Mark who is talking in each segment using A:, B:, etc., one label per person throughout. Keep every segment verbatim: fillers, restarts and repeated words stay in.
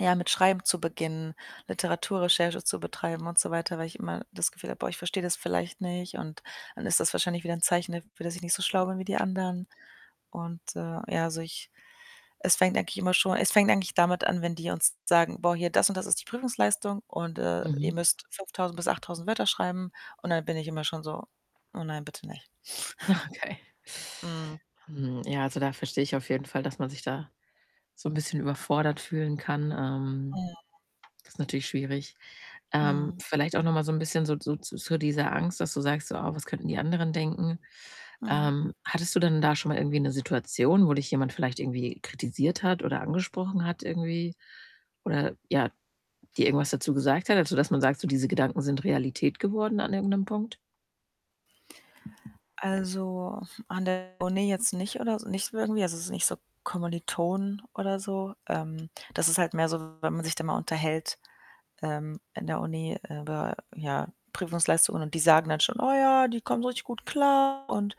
A: Ja, mit Schreiben zu beginnen, Literaturrecherche zu betreiben und so weiter, weil ich immer das Gefühl habe: „Boah, ich verstehe das vielleicht nicht und dann ist das wahrscheinlich wieder 'n Zeichen dafür, dass ich nicht so schlau bin wie die anderen.“ Und, äh, ja, also, ich es fängt eigentlich immer schon es fängt eigentlich damit an, wenn die uns sagen: „Boah, hier das und das ist die Prüfungsleistung und, äh, ihr
B: Mhm.
A: müsst fünftausend bis achttausend Wörter schreiben.“ Und dann bin ich immer schon so: „Oh nein, bitte nicht.“
B: Ja, okay.
A: Mhm.
B: Hm, ja, also, da verstehe ich auf jeden Fall, dass man sich da so 'n bisschen überfordert fühlen kann. Ähm,
A: Mhm.
B: das ist natürlich schwierig. Ähm,
A: Mhm.
B: vielleicht auch noch mal so 'n bisschen so so zur dieser Angst, dass du sagst so: „Oh, was könnten die anderen denken?“
A: Mhm.
B: Ähm, hattest du denn da schon mal irgendwie 'ne Situation, wo dich jemand vielleicht irgendwie kritisiert hat oder angesprochen hat irgendwie oder ja, dir irgendwas dazu gesagt hat, also, dass man sagt so, diese Gedanken sind Realität geworden an irgend 'nem Punkt?
A: Also, an der Uni jetzt nicht oder s nicht so irgendwie. Also, es ist nicht so Kommilitonen oder so. Ähm, das ist halt mehr so, wenn man sich dann mal unterhält, ähm, in der Uni über, ja, Prüfungsleistungen und die sagen dann schon: „Oh ja“, die kommen richtig gut klar und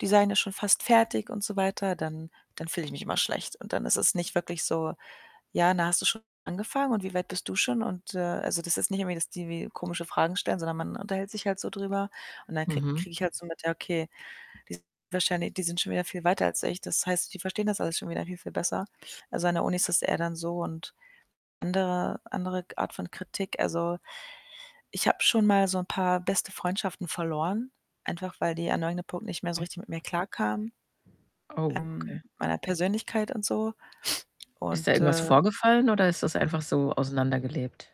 A: die seien ja schon fast fertig und so weiter, dann dann fühle ich mich immer schlecht und dann ist es nicht wirklich so: „Ja, na hast du schon angefangen und wie weit bist du schon?“ Und, äh also, das ist nicht irgendwie, dass die wie komische Fragen stellen, sondern man unterhält sich halt so drüber und dann kriege
B: Mhm.
A: kriege ich halt so mit, ja, okay, die [unintelligible] wahrscheinlich die sind schon wieder viel weiter als ich. Das heißt, die verstehen das alles schon wieder viel, viel besser. Also, an der Uni ist das eher dann so und andere andere g Art von Kritik, also, ich habe schon mal so 'n paar beste Freundschaften verloren, einfach weil die an irgendeinem Punkt nicht mehr so richtig mit mir klarkamen,
B: Oh,
A: ähm,
B: okay.
A: meiner Persönlichkeit und so
B: Ist da
A: und,
B: irgendwas
A: äh
B: vorgefallen oder ist das einfach so auseinandergelebt?